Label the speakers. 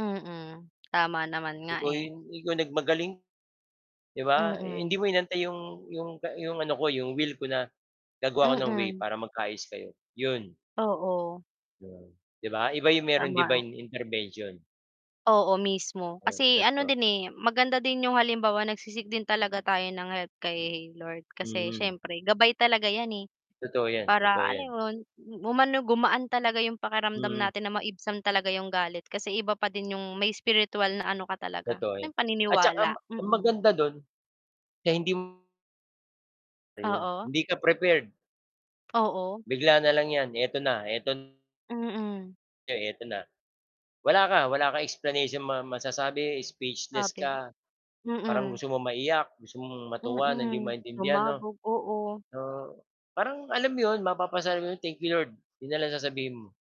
Speaker 1: Mm, tama naman nga,
Speaker 2: Ikaw
Speaker 1: eh.
Speaker 2: yung ikaw nagmagaling. 'Di ba, eh, hindi
Speaker 1: Mm.
Speaker 2: mo inantay 'yong 'yong 'yong ano ko, 'yong will ko na gagawa ako ng way
Speaker 1: Mm.
Speaker 2: para magkaayos kayo, 'yon.
Speaker 1: Oo.
Speaker 2: Yon, 'di ba? Iba yung merong
Speaker 1: Tama.
Speaker 2: divine intervention.
Speaker 1: Oo mismo.
Speaker 2: 'Yan,
Speaker 1: Kasi ano
Speaker 2: totoo.
Speaker 1: din, eh, maganda din yung halimbawa nagsi-seek din talaga tayo ng help kay Lord kasi
Speaker 2: Hmm.
Speaker 1: syempre gabay talaga 'yan, eh,
Speaker 2: Totoo 'yan,
Speaker 1: para
Speaker 2: totoo
Speaker 1: alam
Speaker 2: 'yan.
Speaker 1: mo yun, umano, gumaan talaga yung pakiramdam
Speaker 2: Hmm.
Speaker 1: natin na maibsan talaga yung galit kasi iba pa din yung may spirituwal na ano ka talaga,
Speaker 2: Totoo
Speaker 1: na
Speaker 2: 'yan. At tsaka m
Speaker 1: paniniwala,
Speaker 2: ang
Speaker 1: mm.
Speaker 2: maganda dun, kaya hindi m Ayun,
Speaker 1: Oo.
Speaker 2: hindi ka prepared.
Speaker 1: Oo.
Speaker 2: Bigla na lang 'yan, 'eto na, 'eto na.
Speaker 1: Mm.
Speaker 2: 'eto na. Wala ka, wala kang explanation ma masasabi, speechless
Speaker 1: [unintelligible]
Speaker 2: ka. Parang
Speaker 1: Mm.
Speaker 2: gusto mong maiyak, gusto mong matuwa na hindi mo
Speaker 1: Mm,
Speaker 2: maintindihan 'no.
Speaker 1: sumabog, oo.
Speaker 2: Oo, parang alam 'yon, mapapasabi ka ng, "Thank you Lord," 'yon na lang sasabihin mo.